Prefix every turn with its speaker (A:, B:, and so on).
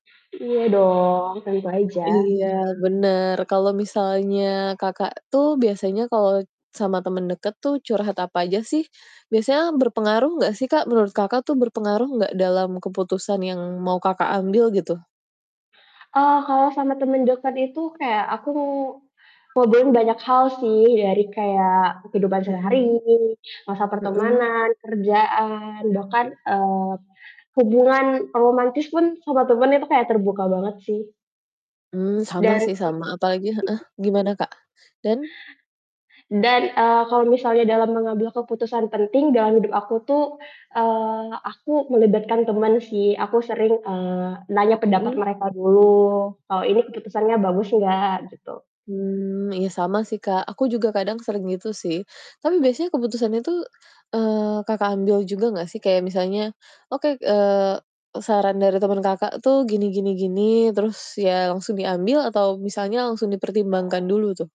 A: Iya dong, tentu aja.
B: Iya, bener, kalau misalnya Kakak tuh biasanya kalau sama temen deket tuh curhat apa aja sih? Biasanya berpengaruh enggak sih, Kak? Menurut Kakak tuh berpengaruh enggak dalam keputusan yang mau Kakak ambil gitu?
A: Eee, kalau sama temen deket itu kayak aku ngobrolin banyak hal sih, dari kayak kehidupan sehari,
B: Mhm.
A: masa
B: Mhm.
A: pertemanan, kerjaan, bahkan, eee, hubungan romantis pun sama temen itu kayak terbuka banget sih.
B: Mmm, sama
A: Dan mhm.
B: sih sama, apalagi heeh, gimana Kak? dan
A: Dan, eee, kalau misalnya dalam mengambil keputusan penting dalam hidup aku tuh, eee, aku melibatkan teman sih. Aku sering, eee, nanya pendapat
B: Mhm.
A: mereka dulu, "Kalau ini keputusannya bagus enggak?" Gitu.
B: Mmm, iya, sama sih Kak, aku juga kadang sering gitu sih. Tapi biasanya keputusan itu, eee, Kakak ambil juga nggak sih kayak misalnya, oke, eee, saran dari temen Kakak tuh gini gini gini, terus ya langsung diambil atau misalnya langsung dipertimbangkan dulu tuh?